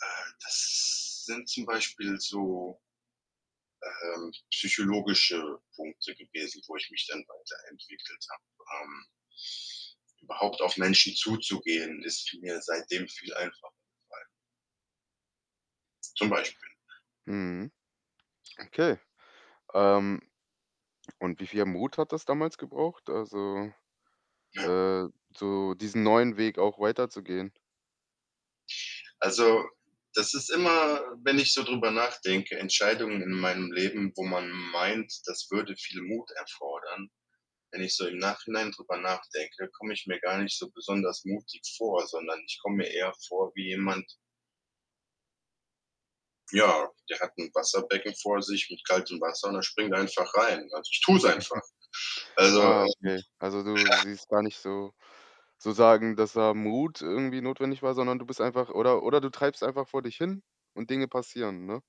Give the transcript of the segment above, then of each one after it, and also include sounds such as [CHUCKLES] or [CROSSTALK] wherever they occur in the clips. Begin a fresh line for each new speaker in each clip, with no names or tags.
Äh, das sind zum Beispiel so ähm, psychologische Punkte gewesen, wo ich mich dann weiterentwickelt habe, ähm überhaupt auf Menschen zuzugehen, ist vi mir seitdem viel einfacher gefallen zum Beispiel.
Mhm. Okay, ähm, und wie viel Mut hat das damals gebraucht? Also,
Ja.
äh, so diesen neuen Weg auch weiterzugehen?
Also, das ist immer wenn ich so drüber nachdenke, Entscheidungen in meinem Leben, wo man meint, das würde viel Mut erfordern. Wenn ich so im Nachhinein drüber nachdenke, komme ich mir gar nicht so besonders mutig vor, sondern ich komme mir eher vor wie jemand ja, der hat 'n Wasserbecken vor sich mit kaltem Wasser und er springt einfach rein. Also, ich tue es einfach.
[CHUCKLES]
Also, ähm
Ja,
ja.
okay. Also, du siehst gar nicht sozusagen, dass da Mut irgendwie notwendig war, sondern du bist einfach oder oder du treibst einfach vor dich hin und Dinge passieren, ne?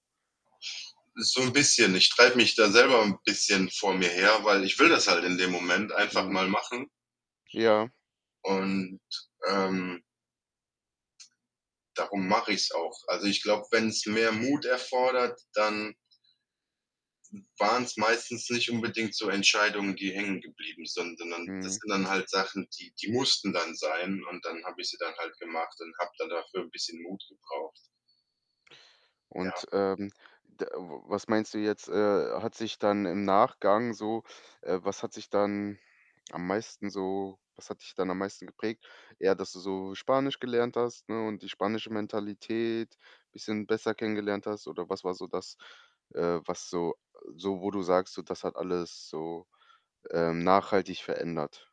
So 'n bisschen. Ich treibe mich da selber 'n bisschen vor mir her, weil ich will das halt in dem Moment einfach
Mhm.
mal machen
Ja.
und, ähm darum mache ich's auch. Also, ich glaube, wenn's mehr Mut erfordert, dann w waren's meistens nicht unbedingt so Entscheidungen, die hängen geblieben sind, sondern das
Mhm.
sind dann halt Sachen, die die mussten dann sein und dann habe ich sie dann halt gemacht und habe dann dafür 'n bisschen Mut gebraucht. Ja.
Und, ähm, d w was meinst du jetzt, äh, hat sich dann im Nachgang so äh, was hat sich dann am meisten so was hat dich dann am meisten geprägt? Eher, dass du so Spanisch gelernt hast, ne, und die spanische Mentalität bisschen besser kennengelernt hast oder was war so das, äh, was so so wo du sagst, so, das hat alles so, ähm, nachhaltig verändert?